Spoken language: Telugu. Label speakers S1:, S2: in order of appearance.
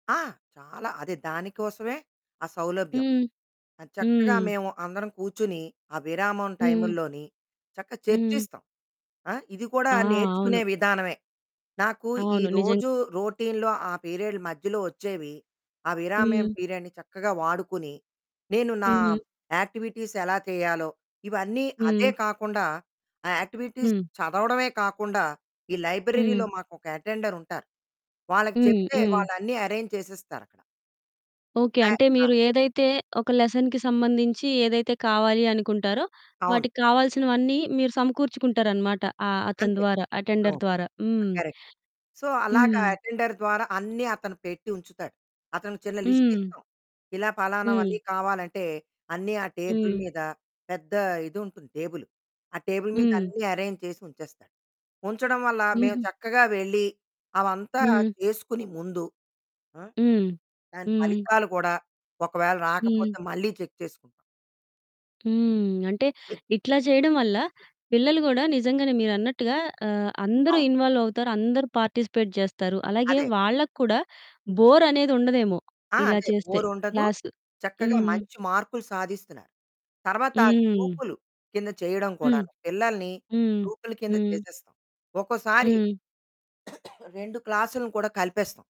S1: ఆ! చాలా అదే దానికోసమే ఆ సౌలభ్యం.
S2: హ్మ్.
S1: అది చక్కగా
S2: హ్మ్.
S1: మేము అందరం కూర్చొని, ఆ విరామం
S2: హ్మ్.
S1: టైముల్లోని, చక్కగా
S2: హ్మ్.
S1: చర్చిస్తాం. ఆ! ఇది కూడా
S2: ఆ! అవును.
S1: నేర్చుకునే విధానమే. నాకు ఈ
S2: అవును నిజం.
S1: రోజు రొటీన్‌లో ఆ పీరియడ్ మధ్యలో ఓచ్చేవి, ఆ విరామ్యం
S2: హ్మ్.
S1: పీరియడ్ని చక్కగా వాడుకుని, నేను నా
S2: హ్మ్.
S1: యాక్టివిటీస్ ఎలా తేయాలో ఇవన్నీ అదే
S2: హ్మ్.
S1: కాకుండా ఆ యాక్టివిటీస్
S2: హ్మ్.
S1: చదవడమే కాకుండా, ఈ
S2: హ్మ్.
S1: లైబ్రరీలో మాకొక అటెండరుంటారు, వాళ్ళకి
S2: హ్మ్.
S1: చెప్తే
S2: హ్మ్.
S1: వాళ్ళు అన్నీ అరేంజ్ చేసేస్తారక్కడ.
S2: ఓకే.
S1: ఆ
S2: అంటే
S1: ఆ!
S2: మీరు ఏదైతే ఒక లెసన్‌కి సంబంధించి ఏదైతే కావాలి అనుకుంటారో,
S1: అవును.
S2: వాటికావాల్సినవన్నీ మీరు సమకూర్చుకుంటారనమాట అ అతని
S1: అంతే
S2: ద్వారా అటెండర్
S1: అవును.
S2: ద్వారా
S1: ఆ
S2: హ్మ్.
S1: కరెక్టు సో, అలాగా
S2: హ్మ్.
S1: అటెండర్ ద్వారా అన్నీ అతను పెట్టి ఉంచుతాడు. అతనికి చిన్న లిస్ట్
S2: హ్మ్.
S1: ఇస్తాం. ఇలా
S2: హ్మ్.
S1: పలానావన్నీ కావాలంటే అన్నీ ఆ టేబుల్
S2: హ్మ్.
S1: మీద పెద్ద ఇదుంటుంది టేబులు, ఆ టేబుల్ మీద
S2: హ్మ్.
S1: అన్నీ అరేంజ్ చేసి ఉంచేస్తాడు. ఉంచడం వల్ల మేము
S2: హుహు.
S1: చక్కగా వెళ్ళి అవంతా
S2: హ్మ్.
S1: చేసుకొని ముందు ఆ!
S2: హ్మ్.
S1: దాని
S2: హ్మ్.
S1: ఫలితాలు కూడా ఒకవేళ
S2: హ్మ్.
S1: రాకపోతే మళ్ళీ చెక్ చేసుకుంటాం.
S2: హ్మ్. అంటే ఇట్లా చేయడం వల్ల పిల్లలు గూడా నిజంగానే మీరన్నట్టుగా ఆహ్, అందరూ
S1: అవును.
S2: ఇన్వాల్వ్ అవుతారు, అందరూ పార్టిసిపేట్ జేస్తారు. అలాగే
S1: అదే.
S2: వాళ్ళకూడా బోర్ అనేది ఉండదేమో
S1: ఆ!
S2: ఇలా
S1: అదే
S2: చేస్తే
S1: బోరుండదు,
S2: క్లాసు.
S1: చక్కగా
S2: హ్మ్.
S1: మంచి మార్కులు సాధిస్తున్నారు. తరువాత
S2: హ్మ్.
S1: గ్రూపులు కింద చేయడం
S2: హ్మ్.
S1: కూడాను, పిల్లల్ని
S2: హ్మ్.
S1: గ్రూపులు కింద
S2: హ్మ్.
S1: చేసేస్తాం. ఒక్కోసారి
S2: హ్మ్.
S1: 2 క్లాస్లు‌ను కూడా కలిపేస్తాం.